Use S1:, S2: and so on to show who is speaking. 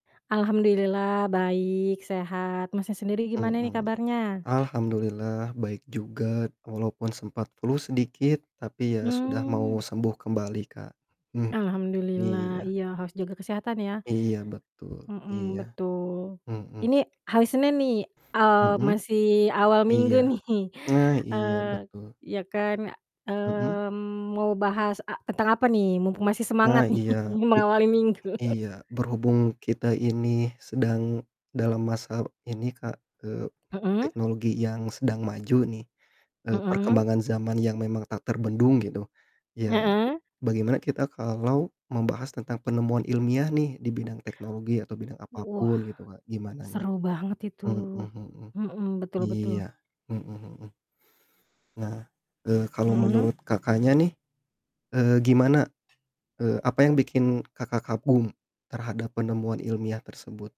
S1: Alhamdulillah baik, sehat, Masnya sendiri gimana nih
S2: Mhm.
S1: kabarnya?
S2: Alhamdulillah baik juga, walaupun sempat flu sedikit, tapi ya sudah mau
S1: Mmm.
S2: sembuh kembali Kak. Mmm,
S1: Alhamdulillah,
S2: iya.
S1: iya harus juga kesehatan ya.
S2: Iya betul,
S1: Mhm,
S2: iya.
S1: betul,
S2: Mhm.
S1: ini hari Senin nih, eee,
S2: Mhm.
S1: masih awal
S2: Iya.
S1: minggu nih.
S2: Nah iya
S1: Eee,
S2: betul.
S1: ya kan,
S2: Mhm.
S1: mmm, mau bahas a tentang apa nih? Mumpung masih
S2: Nah
S1: semangat nih
S2: iya betul,
S1: mengawali minggu.
S2: iya, berhubung kita ini sedang dalam masa ini Kak, eee,
S1: Mhm.
S2: teknologi yang sedang maju nih, eee,
S1: Mhm.
S2: perkembangan zaman yang memang tak terbendung gitu, ya,
S1: Heeh.
S2: bagaimana kita kalau membahas tentang penemuan ilmiah nih di bidang teknologi atau bidang
S1: Wah.
S2: apapun gitu Kak, gimana nih?
S1: Seru banget itu.
S2: Mhm mhm.
S1: Mhm, betul betul.
S2: Iya, mhm mhm. Nah, eee, kalau
S1: Mhm.
S2: menurut Kakaknya nih, eee, gimana eee, apa yang bikin Kakak kagum terhadap penemuan ilmiah tersebut?